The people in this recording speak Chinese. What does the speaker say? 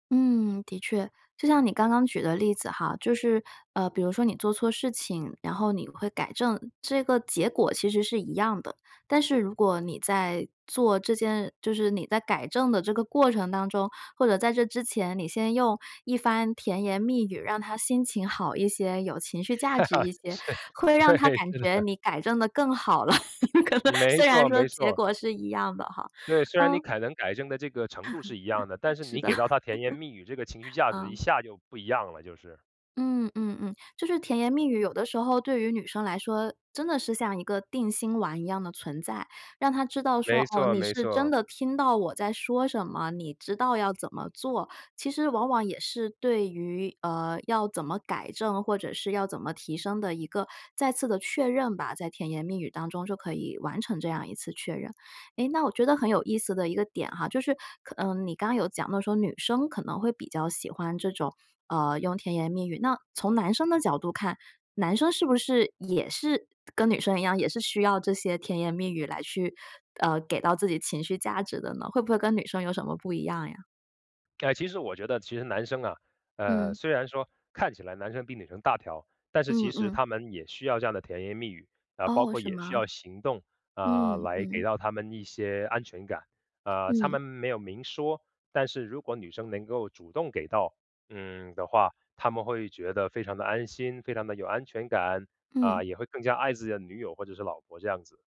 嗯，的确。就像你刚刚举的例子哈，就是呃，比如说你做错事情，然后你会改正，这个结果其实是一样的。但是如果你在做这件就是你在改正的这个过程当中，或者在这之前，你先用一番甜言蜜语，让她心情好一些，有情绪价值一 些，是，会让对，她感是觉的。你改正得更好了，可能没虽然错说没结错。果是一样的哈。对，虽然你嗯。可能改正的这个程度是一样的，但 是是你的。给到她甜言蜜语，这个情绪 价值一嗯。下就不一样了，就是。嗯嗯嗯，就是甜言蜜语有的时候对于女生来说，真的是像一个定心丸一样的存在。让她知道说：没“哦，错你没是真错。的听到我在说什么，你知道要怎么做。”其实往往也是对于呃，要怎么改正，或者是要怎么提升的一个再次的确认吧，在甜言蜜语当中就可以完成这样一次确认。诶，那我觉得很有意思的一个点哈，就是可嗯，你刚刚有讲到说，女生可能会比较喜欢这种呃，用甜言蜜语，那从男生的角度看，男生是不是也是跟女生一样，也是需要这些甜言蜜语来去呃，给到自己情绪价值的呢？会不会跟女生有什么不一样呀？呃，其实我觉得其实男生啊呃，嗯。虽然说看起来男生比女生大条，但是其嗯实嗯。他们也需要这样的甜言蜜语，啊，包哦，括是也需吗？要行动，啊，嗯，来给嗯。到他们一些安全感。啊，他嗯。们没有明说，但是如果女生能够主动给到嗯，的话，他们会觉得非常地安心、非常地有安全感，啊，嗯。也会更加爱自己的女友或者是老婆这样子。